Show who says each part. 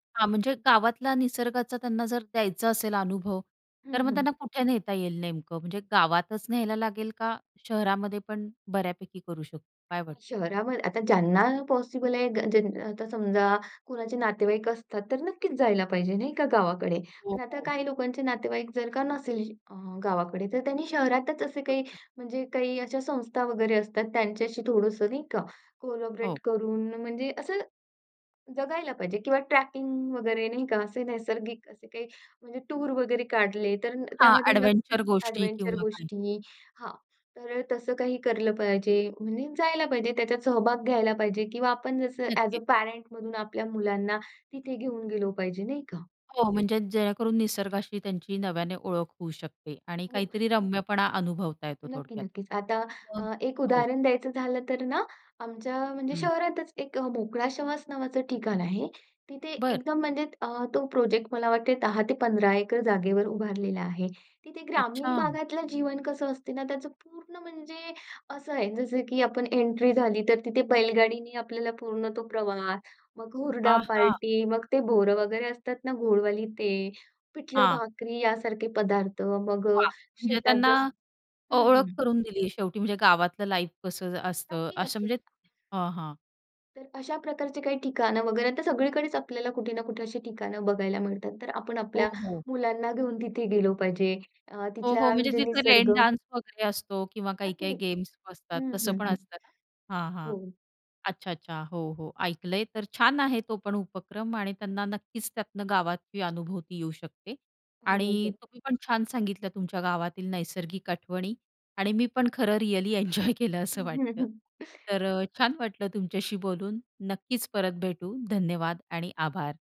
Speaker 1: हां, म्हणजे गावातला निसर्गाचा त्यांना जर द्यायचा असेल अनुभव, तर
Speaker 2: हं,
Speaker 1: मग
Speaker 2: हं.
Speaker 1: त्यांना कुठे नेता येईल नेमकं? म्हणजे गावातच न्यायला लागेल, का शहरामध्ये पण बऱ्यापैकी करू शकतो? काय वाटतं?
Speaker 2: शहरावर आता ज्यांना पॉसिबल आहे, ग ज्यान आता समजा कोणाचे नातेवाईक असतात, तर नक्कीच जायला पाहिजे, नाही का, गावाकडे.
Speaker 1: हो,
Speaker 2: पण आता
Speaker 1: हो.
Speaker 2: काही लोकांचे नातेवाईक जर का नसेल अ, गावाकडे, तर त्यांनी शहरातच असे काही,
Speaker 1: नक्कीच.
Speaker 2: म्हणजे काही अशा संस्था वगैरे असतात, त्यांच्याशी थोडंसं नाही का कोलॅबोरेट
Speaker 1: हो.
Speaker 2: करून, म्हणजे असं जगायला पाहिजे, किंवा ट्रॅकिंग वगैरे, नाही का. असे नैसर्गिक असे काही म्हणजे टूर वगैरे काढले, तर
Speaker 1: हां,
Speaker 2: त्यामध्ये नक्की
Speaker 1: एडव्हेंचर गोष्टी
Speaker 2: एडव्हेंचर
Speaker 1: किंवा काय.
Speaker 2: गोष्टी. हां, तर तसं काही केलं पाहिजे. म्हणजे जायला पाहिजे, त्याच्यात सहभाग घ्यायला पाहिजे, किंवा आपण जसं ॲज अ,
Speaker 1: नक्कीच.
Speaker 2: पॅरेंटमधून आपल्या मुलांना तिथे घेऊन गेलो पाहिजे, नाही का.
Speaker 1: हो, म्हणजे जेणेकरून निसर्गाशी त्यांची नव्याने ओळख होऊ शकते, आणि
Speaker 2: हो.
Speaker 1: काहीतरी रम्यपणा अनुभवता येतो. थोडक्यात,
Speaker 2: नक्की-नक्कीच. आता
Speaker 1: मग
Speaker 2: अ, एक
Speaker 1: हो.
Speaker 2: उदाहरण द्यायचं झालं तर ना, आमच्या म्हणजे
Speaker 1: हं.
Speaker 2: शहरातच एक "मोकळा श्वास" नावाचं ठिकाण आहे. तिथे
Speaker 1: बरं.
Speaker 2: एकदम म्हणजे अ, तो प्रोजेक्ट मला वाटते 10-15 एकर जागेवर उभारलेला आहे. तिथे ग्रामीण
Speaker 1: अच्छा.
Speaker 2: भागातलं जीवन कसं असते ना, त्याचं पूर्ण म्हणजे असं आहे, जसं की आपण एंट्री झाली, तर तिथे बैलगाडीने आपल्याला पूर्ण तो प्रवास. मग
Speaker 1: आ
Speaker 2: हुरडा
Speaker 1: हां.
Speaker 2: पार्टी, मग ते बोरं वगैरे असतात ना गोडवाली ते,
Speaker 1: हां.
Speaker 2: पिठलं-भाकरी यासारखे पदार्थ. मग अ,
Speaker 1: वाह! म्हणजे
Speaker 2: शेतात
Speaker 1: त्यांना
Speaker 2: जसं
Speaker 1: अ,
Speaker 2: हं,
Speaker 1: ओळख
Speaker 2: हं.
Speaker 1: करून दिली शेवटी, म्हणजे गावातलं लाईफ कसं असतं,
Speaker 2: नक्की.
Speaker 1: असं.
Speaker 2: नक्कीच.
Speaker 1: म्हणजे हां, हां.
Speaker 2: तर अशा प्रकारचे काही ठिकाण वगैरे आता सगळीकडेच आपल्याला कुठे ना कुठे अशी ठिकाणं बघायला मिळतात. तर आपण
Speaker 1: हो,
Speaker 2: आपल्या
Speaker 1: हो.
Speaker 2: मुलांना घेऊन तिथे गेलो पाहिजे. अ,
Speaker 1: हो, हो.
Speaker 2: तिथला
Speaker 1: म्हणजे
Speaker 2: म्हणजे
Speaker 1: तिथं रेन
Speaker 2: निसर्ग.
Speaker 1: डान्स वगैरे असतो, किंवा
Speaker 2: नक्की
Speaker 1: काही-काही
Speaker 2: नक्कीच.
Speaker 1: गेम्स असतात,
Speaker 2: हं,
Speaker 1: तसं
Speaker 2: हं,
Speaker 1: पण
Speaker 2: हं.
Speaker 1: असतं ना. हां, हां.
Speaker 2: हो.
Speaker 1: अच्छा. अच्छा. हो, हो, ऐकलंय, तर छान आहे तो पण उपक्रम. आणि त्यांना नक्कीच त्यातनं गावात ही अनुभूती येऊ शकते. आणि
Speaker 2: [unintelligible]
Speaker 1: तुम्ही पण छान सांगितलं तुमच्या गावातील नैसर्गिक आठवणी. आणि मी पण खरं रिअली एन्जॉय केलं, असं वाटतं. तर अ, छान वाटलं तुमच्याशी बोलून. नक्कीच परत भेटू. धन्यवाद आणि आभार.